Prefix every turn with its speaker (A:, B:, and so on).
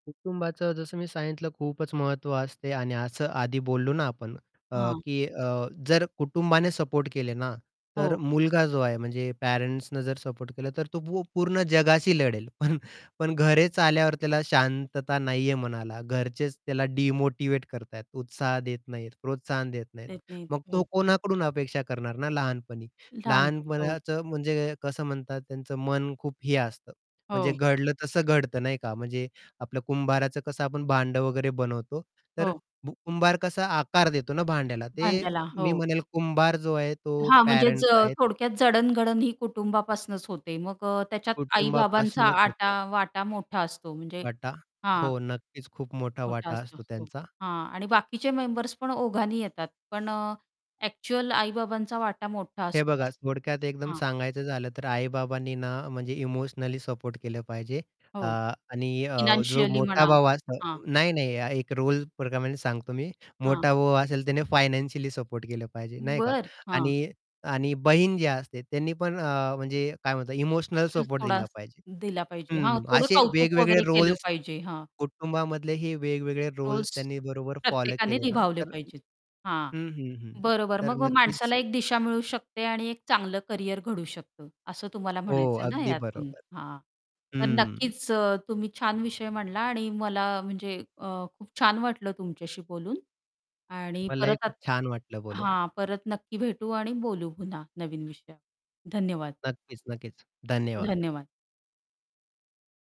A: कुटुंबाचं जसं मी सांगितलं खूपच महत्त्व असते आणि असं आधी बोललो ना, आपण अ,
B: हां
A: की अ, जर कुटुंबाने सपोर्ट केले ना, तर
B: हो.
A: मुलगा जो आहे. म्हणजे पॅरेंट्सनं जर सपोर्ट केलं, तर तो पूर्ण जगाशी लढेल पण, पण घरेच आल्यावर त्याला शांतता नाही आहे, मनाला घरचेच त्याला डिमोटिव्हेट करत आहेत, उत्साह देत नाहीत. प्रोत्साहन देत नाहीत.
B: देत नाहीत.
A: मग तो
B: हो.
A: कोणाकडून अपेक्षा करणार ना लहानपणी.
B: लहान की, हो.
A: लहानपणाचं म्हणजे कसं म्हणतात त्यांचं मन खूप हे असतं. म्हणजे
B: हो.
A: घडलं तसं घडतं नाही का, म्हणजे आपल्या कुंभाराचं कसं आपण भांडं वगैरे बनवतो तर
B: हो.
A: भू कुंभार कसा आकार देतो ना भांड्याला, ते
B: भांड्याला
A: मी
B: हो.
A: म्हणेल कुंभार जो आहे, तो
B: हां म्हणजे ज
A: पॅरेंट्स आहेत.
B: थोडक्यात जडण-घडण, ही कुटुंबापासनच होते मग अ, त्याच्यात आई-बाबांचा
A: कुटुंबापासूनच होते.
B: आटा वाटा मोठा असतो म्हणजे
A: वाटा.
B: हां.
A: हो, नक्कीच खूप मोठा
B: मोठा
A: वाटा
B: असतो
A: असतो
B: हो,
A: त्यांचा.
B: हां. आणि बाकीचे मेंबर्स पण ओघांनी येतात पण अ, एक्चुअल आई-बाबांचा वाटा मोठा
A: हे
B: असतो
A: बघा.
B: असं,
A: थोडक्यात एकदम
B: हां.
A: सांगायचं झालं तर आई-बाबांनी ना म्हणजे इमोशनली सपोर्ट केलं पाहिजे अ,
B: हो.
A: आणि अ, जो
B: फायनान्शियली
A: मोठा
B: म्हणा
A: भाऊ
B: हां.
A: असतो नाही, नाही एक रोल प्रकारामध्ये सांगतो मी
B: हां.
A: मोठा भाऊ असेल त्याने फायनान्शियली सपोर्ट केलं पाहिजे, नाही का
B: बर हां.
A: आणि आणि बहीण जी असते त्यांनी पण अ, म्हणजे काय म्हणतात इमोशनल सपोर्ट
B: थोडा
A: दिला पाहिजे.
B: दिला पाहिजे, हां
A: हं,
B: थोडं
A: असे
B: कौतुक
A: वेगवेगळे
B: वगैरे केलं
A: रोल्स
B: पाहिजे. हां.
A: कुटुंबामधले हे वेगवेगळे
B: रोल्स
A: रोल्स त्यांनी बरोबर फॉलो
B: प्रत्येकाने
A: केले ना,
B: निभावले
A: तर
B: पाहिजेत. हां,
A: हं, हं, हं.
B: बरोबर
A: तर
B: मग अ,
A: नक्कीच
B: माणसाला एक दिशा मिळू शकते आणि एक चांगलं करियर घडू शकतं. असं तुम्हाला
A: हो,
B: म्हणायचं आहे ना
A: अगदी
B: यातून.
A: बरोबर.
B: हां, तर
A: हं.
B: नक्कीच अ, तुम्ही छान विषय म्हटला आणि मला म्हणजे अ, खूप छान वाटलं तुमच्याशी बोलून आणि
A: मलाही
B: परत आत
A: खूप छान वाटलं बोलून.
B: हां, परत नक्की भेटू आणि बोलू पुन्हा नवीन विषयावर धन्यवाद.
A: नक्कीच-नक्कीच, धन्यवाद.
B: धन्यवाद.